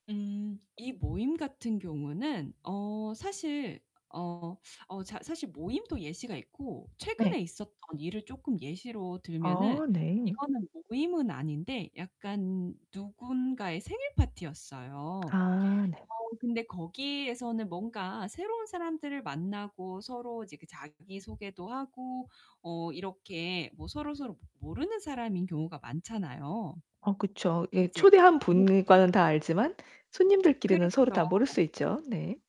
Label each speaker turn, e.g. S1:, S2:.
S1: 음 이 모임 같은 경우는 어 사실 어 어 자 사실 모임도 예시가 있고, 최근에
S2: 네.
S1: 있었던 일을 쪼끔 예시로 들면은
S2: 아 네.
S1: 이거는 모임은 아닌데 약간 누군가의 생일 파티였어요.
S2: 아 네.
S1: 어 근데 거기에서는 뭔가 새로운 사람들을 만나고 서로 이제 그 자기 소개도 하고 어 이렇게 뭐 서로서로 모르는 사람인 경우가 많잖아요.
S2: 아 그쵸. 예
S1: 이제
S2: 초대한
S1: 네네.
S2: 분과는 다 알지만 손님들끼리는 서로 다 모를
S1: 그렇죠.
S2: 수 있죠. 네.